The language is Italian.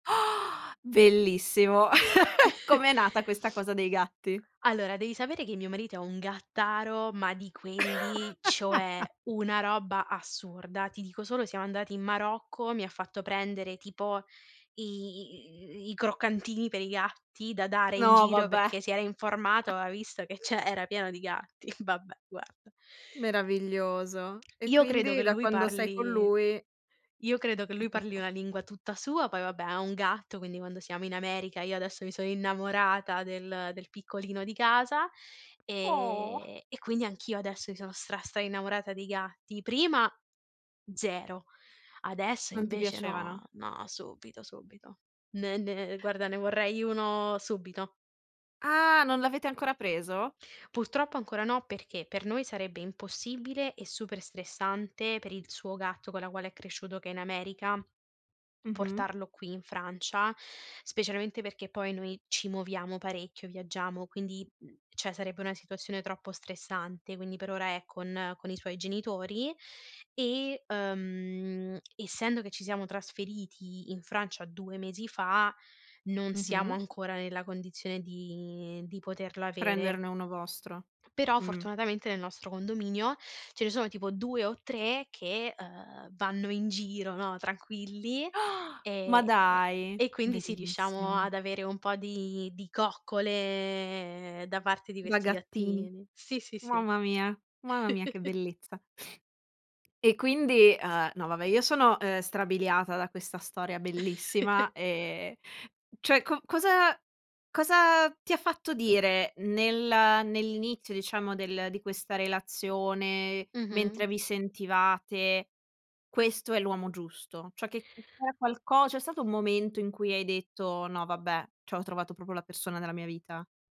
Bellissimo. Come è nata questa cosa dei gatti? Allora, devi sapere che mio marito è un gattaro, ma di quelli, cioè una roba assurda. Ti dico solo siamo andati in Marocco, mi ha fatto prendere tipo i i i i i i croccantini per i gatti da dare in No, giro, vabbè. perché si era informato, aveva visto che c'è era pieno di gatti, vabbè, guarda. Meraviglioso. E Io credo quindi che da lui quando sei con parli lui io credo che ti lui parli tocca una lingua tutta sua, poi vabbè ha un gatto, quindi quando siamo in America io adesso mi sono innamorata del del piccolino di casa, Oh! ehm, e quindi anch'io adesso mi sono stra, stra innamorata dei gatti. Prima 0, adesso Non ti invece no, piacevano. no, subito, subito. Ne ne guarda, ne vorrei uno subito. Ah! Non l'avete ancora preso? Purtroppo ancora no perché per noi sarebbe impossibile e super stressante per il suo gatto con la quale è cresciuto, che è in America, Mh-mh. portarlo qui in Francia, specialmente perché poi noi ci muoviamo parecchio, viaggiamo, quindi, mhmm, cioè sarebbe una situazione troppo stressante, quindi per ora è con con i suoi genitori e, ehm, essendo che ci siamo trasferiti in Francia 2 mesi fa, non siamo Mh-mh. ancora nella condizione di di poterla avere. Prenderne uno vostro. Però Mh. fortunatamente nel nostro condominio ce ne sono tipo 2 o 3 che, uhm, vanno in giro, no, tranquilli, Ma ehm, dai, e quindi sì, riusciamo bellissimo. ad avere un po' di di coccole da parte di Da questi gattini. gattini. Sì, sì, sì. Mamma mia, mamma mia che bellezza. E quindi uhm, no va beh, io sono, ehm, strabiliata da questa storia bellissima. Ehm, cioè co cosa cosa ti ha fatto dire nel nell'inizio diciamo del di questa relazione, Mh-mh. mentre vi sentivate: "Questo è l'uomo giusto"? Cioè, che [unintelligible] c'era qualco c'è stato un momento in cui hai detto: "No vabbè, ciò ho trovato proprio la persona della mia vita"?